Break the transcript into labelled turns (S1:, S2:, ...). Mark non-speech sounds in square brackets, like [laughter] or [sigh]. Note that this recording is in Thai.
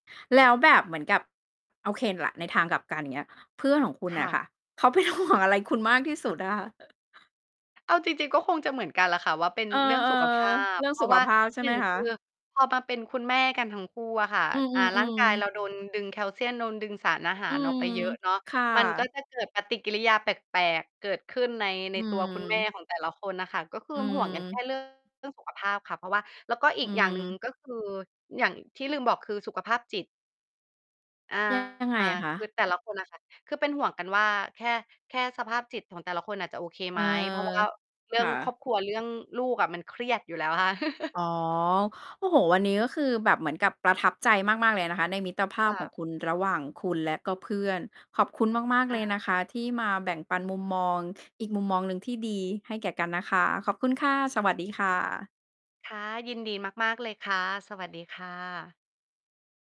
S1: แล้วแบบเหมือนกับ โอเค แหละ ในทางกลับกัน อย่างเงี้ย เพื่อนของคุณ
S2: ค
S1: น่
S2: ่
S1: ะ
S2: ะ
S1: ค่ะ เขา เป็นห่วง อะไรคุณมากที่สุดอะค่ะ [chuckles]
S2: เอาจริง ๆ ก็คงจะเหมือนกันแหละค่ะว่า เป็น
S1: เออ
S2: เรื่องสุขภา
S1: ๆ เ
S2: พ
S1: รื่อง
S2: เพร
S1: ส
S2: า
S1: ุ
S2: ะ
S1: ข
S2: ว่า
S1: ภาพ ใช่
S2: หน
S1: ไ
S2: ึ
S1: หม
S2: ่ง
S1: ค
S2: ค
S1: ะ?
S2: ือพอมาเป็นคุณแม่กันทั้งคู่อะค่ะ
S1: อื
S2: อ่า ร่าง
S1: อ
S2: กาย
S1: ๆ ๆ
S2: เราโดนดึงแคลเซียม โดนดึงสารอาห
S1: อ
S2: า
S1: ื
S2: รออก
S1: ม
S2: ไปเยอะเนาะ
S1: ค่
S2: มันก
S1: ะ
S2: ็จะเกิดปฏิกิริยาแปลก ๆ เกิดขึ้นใน ใ
S1: อ
S2: น
S1: ื
S2: ตัว คุณแม่
S1: ม
S2: ของแต่ละคนน่ะค่ะ ก็คื
S1: อื
S2: ม ห่วงกันแค่
S1: ม
S2: เรื่อง เรื่องสุขภาพค่ะ เพราะว่า แล้วก็อี
S1: อื
S2: กอย่างหนึ่ง
S1: ม
S2: ก็คือ อย่าง ที่ลืมบอกคือสุขภาพจิต อา
S1: ยัง ยังไงอะค
S2: ค
S1: ะ?
S2: ือแต่ละคนน่ะค่ะ คือเป็นห่วงกันว่า แค่ แค่สภาพจิตของแต่ละคนน่ะจะโอเค
S1: เอ
S2: ไห
S1: อ
S2: ม เพราะว่า เรื
S1: ค
S2: ่อ
S1: ่
S2: งคร
S1: ะ
S2: อบครัว เรื่องลูกอะมันเครียดอยู่แล้วค่ะ [chuckles]
S1: อ๋อ โอ้โฮ! วันนี้ก็คือแบบเหมือนกับประทับใจมาก ๆ เลยนะคะในมิตรภา
S2: ค
S1: พ
S2: ่
S1: ของ
S2: ะ
S1: คุณ ระหว่างคุณและก็เพื่อน ขอบคุณมาก ๆ
S2: อ
S1: เล
S2: า
S1: ยนะคะที่มาแบ่งปันมุมมองอีกมุมมองหนึ่งที่ดีให้แก่กันนะคะ ขอบคุณ ค่ะ สวัสดีค่ะ
S2: ค่ะ ยินดีมาก ๆ เลยค่ะ สวัสดีค่ะ